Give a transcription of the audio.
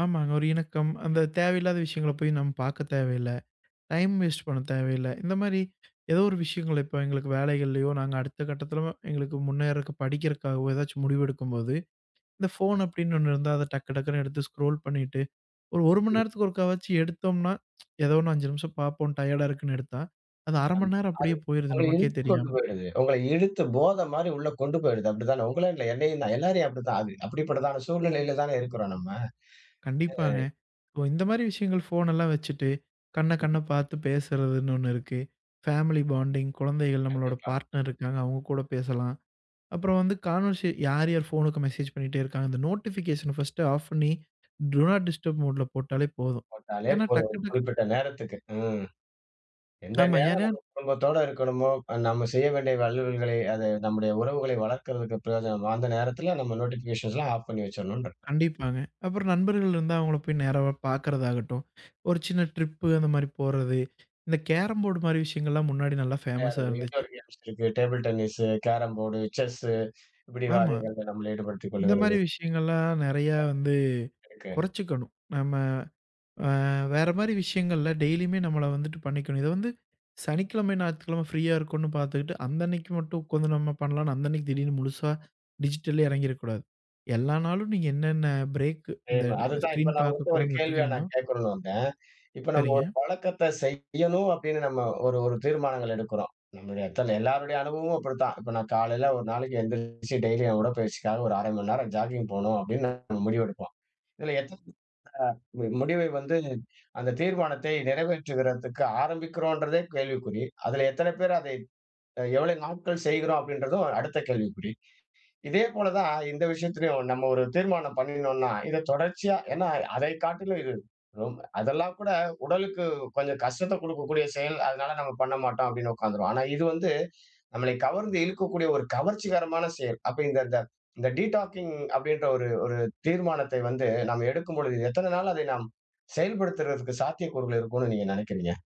ஆமாங்க ஒரு இணக்கம். அந்தத் தேவையில்லாத விஷயங்களப் போய் நம்ம பார்க்கத் தேவையில்ல. டைம் வேஸ்ட் பண்ண தேவையில்ல. இந்த மாரி ஏதோ ஒரு விஷயங்கள் இப்ப எங்களுக்கு வேலைகள்லயோ, நாங்க அடுத்த கட்டத்துல எங்களுக்கு முன்னேர்றதுக்கு படிக்கறதுக்காகவோ, ஏதாச்சு முடிவு எடுக்கும்போது, இந்த ஃபோன் அப்டின்னு ஒண்ணு இருந்தா அத டக்கு டக்குன்னு எடுத்து ஸ்க்ரோல் பண்ணிட்டு, ஒரு 1 மணி நேரத்துக்கு ஒருக்காவச்சும் எடுத்தோம்னா, எதோ ஒண்ணு 5 நிமிஷம் பாப்போம் டையர்டா இருக்குன்னு எடுத்தா, அது 1/2 அந் மணி நேரம் அப்டியே போயிருது அது உங்கள நமக்கே இழுத்துக்கொண்டு தெரியாம. போயிடுது. உங்கள இழுத்து போத மாரி உள்ள கொண்டு போயிடுது. அப்டிதானே. உங்களைன்னு இல்ல என்னையும்தான். எல்லாரையும் அப்படித்தான் அது. அப்படிப்பட்ட ஒரு சூழ்நிலைல தான இருக்றோம் நம்ம. கண்டிப்பாங்க. ஏய். இபோ இந்த மாரி விஷயங்கள் ஃபோன் எல்லாம் வச்சிட்டு கண்ண ம். கண்ண பாத்து பேசுறதுன்னு ஒன்னு இருக்கு. Family bonding. கொழந்தைகள் நம்மளோட கண்டிப்பா. பார்ட்னர் இருக்காங்க. அவுங்க கூடப் பேசலாம். அப்புறம் வந்து கான்வெர்சே யார் யார் ஃபோன்க்கு மெசேஜ் பண்ணிட்டே இருக்காங்க. அந்த நோட்டிஃபிகேஷன் ஃபர்ஸ்ட் ஆஃப் பண்ணி டு நாட் டிஸ்டர்ப் மோட்ல போட்டாலே போதும். போட்டாலே ஏன்னா போதும். டக்கு ஒரு டக்கு குறிப்பிட்ட நேரத்துக்கு. ம். எந்த ஆமா நேரம் ஏன்னா நம்ம குடும்பத்தோட இருக்கணுமோ, நம்ம செய்ய வேண்டிய அலுவல்களை அது நம்முடைய உறவுகளை வளர்க்கிறதுக்கு பிரயோஜனம். அந்த நேரத்துல நம்ம நோட்டிஃபிக்கேஷன்ஸ்லாம் ஆஃப் பண்ணி வெச்சிரணும்ன்றேன். கண்டிப்பாங்க. அப்புறம் நண்பர்கள் இருந்தா, அவுங்கள போய்க் நேரவா பாக்குறதாகட்டும், ஒரு சின்ன ட்ரிப்பு இந்த மாரி போர்றது. இந்தக் கேரம் போர்ட் மாரி விஷயங்கள்லாம், முன்னாடி நல்லா ஃபேமஸ்ஸா விளையாட்றது. இருந்துச்சு. இன்டோர் கேம்ஸ் இருக்கு. Table tennis, carrom board, chess இப்டி ஆமா. காரியங்கள்ல நம்மள ஈடுபடுத்திக் இந்த மாரி கொள்ளுகிறது. விஷயங்கள்லாம் நெறைய வந்து இருக்கு. கொறைச்சுக்கணும் நம்ம. ஆ வேற மாரி விஷயங்கள்ல டெய்லிமே நம்மள வந்துட்டு பண்ணிக்கணும். இது வந்து சனிக்கிழம ஞாயிற்றுக்கிழம ஃப்ரீயா இருக்குன்னு பாத்துக்கிட்டு அந்த அன்னைக்கி மட்டும், கொஞ்சம் நம்ம பண்ணலாம் அந்த அன்னைக்கி திடீர்னு முழுசா டிஜிட்டல்லயே எறங்கிற கூடாது. எல்லா நாளும் நீங்க என்னென்ன பிரேக் இந்த ஏன, அது தான். இப்ப ஸ்க்ரீன் நான் பார்க்கக் உங்கள்ட்ட ஒரு கூடாதுன்னு கேள்விய விட்ருக்கீங்களோ நான் கேட்கணும்னு வந்தேன். இப்ப நம்ம ஒரு சரிங்க. பழக்கத்த செய்யணும் அப்டின்னு நம்ம ஒரு ஒரு தீர்மானங்கள் எடுக்குறோம். நம்முடைய அத்தன எல்லாருடைய அனுபவமும் அப்டித்தான். இப்ப நான் காலையில ஒரு நாளைக்கு எந்திருச்சு டெய்லி என் உடற்பயிற்சிக்காக ஒரு 1/2 மணி நேரம் ஜாக்கிங்க் போணும் அப்டின்னு நம்ம முடிவு எடுப்போம். இதுல எத் ஆ முடிவை வந்து அந்தத் தீர்மானத்தை நெறைவேற்றுகிறதுக்கு ஆரம்பிக்கிறோன்றதே கேள்விக்குறி. அதுல எத்தனை பேரு அதை எவ்வளவு நாட்கள் செய்கிறோம்? அப்படிங்கறதும் அடுத்த கேள்விக்குறி. இதே போல தான் இந்த விஷயத்துலயும் நம்ம ஒரு தீர்மானம் பண்ணினோன்னா இத தொடர்ச்சியா ஏன்னா அதைக் காட்டிலும் இது ரெம் அதெல்லாம் கூட உடலுக்கு கொஞ்சம் கஷ்டத்தைக் குடுக்கக்கூடிய செயல். அதனால நம்ம பண்ண மாட்டோம் அப்டின்னு உக்காந்துருவோம். ஆனா இது வந்து நம்மளை கவர்ந்து இழுக்கக்கூடிய ஒரு கவர்ச்சிகரமான செயல். அப்ப இந்த இந்த டீடாக்கிங்க் அப்டின்ற ஒரு ஒரு தீர்மானத்தை வந்து நம்ம எடுக்கும்பொழுது, எத்தனை நாள் அதை நாம் செயல்படுத்துறதுக்கு சாத்தியக்கூறுகள் இருக்கும்னு நீங்க நெனைக்கிறீங்க?